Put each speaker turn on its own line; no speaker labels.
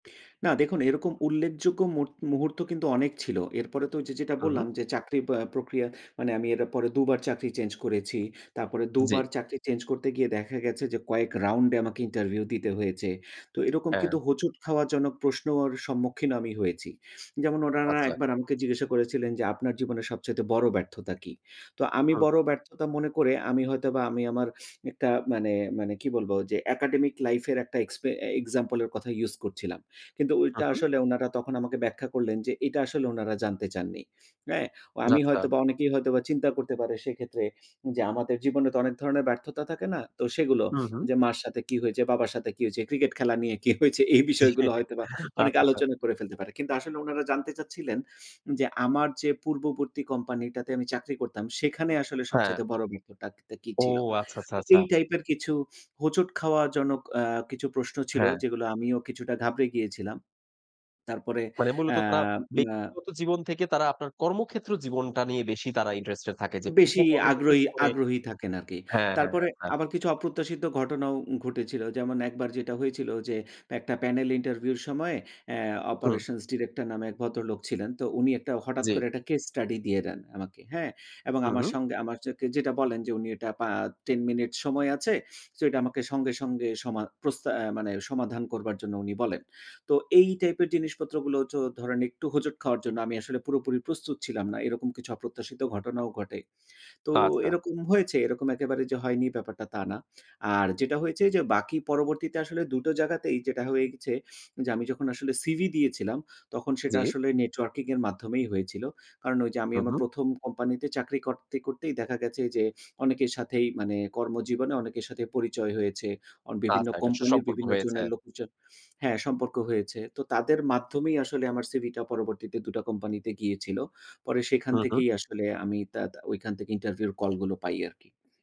না, দেখুন এরকম উল্লেখযোগ্য মু-মুহূর্ত কিন্তু অনেক ছিল। এরপরে তো ওইযে যেটা
হুম, হুম।
বললাম, যে চাকরি বা প্রক্রিয়া মানে আমি এর পরে ২ বার চাকরি চেঞ্জ করেছি। তারপরে ২
জি।
বার চাকরি চেঞ্জ করতে গিয়ে দেখা গেছে যে কয়েক round এ আমাকে ইন্টারভিউ দিতে হয়েছে। তো এরকম
হ্যাঁ।
কিন্তু হোঁচট খাওয়া জনক প্রশ্নর সম্মুখীন আমি হয়েছি। যেমন উনারা
আচ্ছা।
একবার আমাকে জিজ্ঞাসা করেছিলেন যে আপনার জীবনে সবচাইতে বড় ব্যর্থতা কী? তো আমি
হুম।
বড় ব্যর্থতা মনে করে আমি হয়তোবা আমি আমার একটা মানে মানে কি বলবো যে একাডেমিক লাইফ এর একটা এক্সপে example এর কথা ইউস করছিলাম। কিন্তু ওইটা
হুম, হুম।
আসলে উনারা তখন আমাকে ব্যাখ্যা করলেন, যে এটা আসলে উনারা জানতে চাননি, অ্যা অ আমি
আচ্ছা।
হয়তো বা অনেকেই হয়তোবা চিন্তা করতে পারে সেক্ষেত্রে যে আমাদের জীবনে তো অনেক ধরনের ব্যর্থতা থাকে না। তো সেগুলো
হুম, হুম।
যে মার সাথে কী হয়েছে, বাবার সাথে কি হয়েছে, ক্রিকেট খেলা নিয়ে কি হয়েছে এই
জি,
বিষয়গুলো হয়তোবা
আচ্ছা,
অনেকে
আচ্ছা।
আলোচনা করে ফেলতে পারে। কিন্তু আসলে উনারা জানতে চাচ্ছিলেন, যে আমার যে পূর্ববর্তী কোম্পানিটাতে আমি চাকরি করতাম, সেখানে আসলে
হ্যাঁ।
সবচাইতে বড় ব্যর্থটা কী
ও
ছিলো?
আচ্ছা, আচ্ছা,
তো
আচ্ছা।
এই টাইপের কিছু হোঁচট খাওয়া জনক আ কিছু প্রশ্ন ছিল
হ্যাঁ।
যেগুলো আমিও কিছুটা ঘাবড়ে গিয়েছিলাম, তারপরে
মানে মূলত
আ
তারা
আ
ব্যক্তিগত জীবন থেকে তারা আপনার কর্মক্ষেত্র জীবনটা নিয়ে বেশি তারা ইন্টারেস্টেড থাকে যে পূর্ব
বেশি
কর্মক্ষেত্র
আগ্রহী
জীবনে
আগ্রহী থাকেন আরকি।
হ্যাঁ, হ্যাঁ,
তারপরে
হ্যাঁ।
আবার কিছু অপ্রত্যাশিত ঘটনাও ঘটেছিল। যেমন একবার যেটা হয়েছিল যে একটা panel ইন্টারভিউ এর সময় অ্যা
হুম।
operations director নামে এক ভদ্রলোক ছিলেন। তো উনি হঠাৎ
জি।
করে একটা case study দিয়ে দেন আমাকে হ্যাঁ? এবং
হুম,
আমার
হুম।
সঙ্গে আমার যাকে, যেটা বলেন যে উনি এটা পা 10 মিনিট সময় আছে। সো এটা আমাকে সঙ্গে, সঙ্গে সমা প্রস্তা আ মানে সমাধান করবার জন্য উনি বলেন। তো এই টাইপের জিনিসপত্র গুলো চো ধরেন একটু হোঁচট খাওয়ার জন্য আমি আসলে পুরোপুরি প্রস্তুত ছিলাম না এরকম কিছু অপ্রত্যাশিত ঘটনাও ঘটে। তো
আচ্ছা।
এরকম হয়েছে এরকম একেবারে যে হয়নি ব্যাপারটা তা না। আর যেটা হয়েছে যে বাকি পরবর্তীতে আসলে ২ টো জায়গাতেই যেটা হয়ে গেছে যে আমি যখন আসলে সিভি দিয়েছিলাম, তখন সেটা
জি।
আসলে নেটওয়ার্কিং এর মাধ্যমেই হয়েছিল। কারণ ওই যে আমি
হুম,
আমার
হুম।
১ম, কোম্পানিতে চাকরি করতে, করতেই দেখা গেছে যে অনেকের সাথেই মানে কর্মজীবনে অনেকের সাথে পরিচয় হয়েছে। অ বিভিন্ন
আচ্ছা একটা
কোম্পানির
সুসম্পর্ক
বিভিন্ন জোন
হয়েছে।
এর লোক জন হ্যাঁ, সম্পর্ক হয়েছে। তো তাদের মাধ্যমেই আসলে আমার সিভিটা পরবর্তীতে ২ টা কোম্পানিতে গিয়েছিলো। পরে সেখান
হুম, হুম।
থেকেই আসলে আমি তাদা ঐখান থেকে ইন্টারভিউ এর কল গুলো পাই আরকি।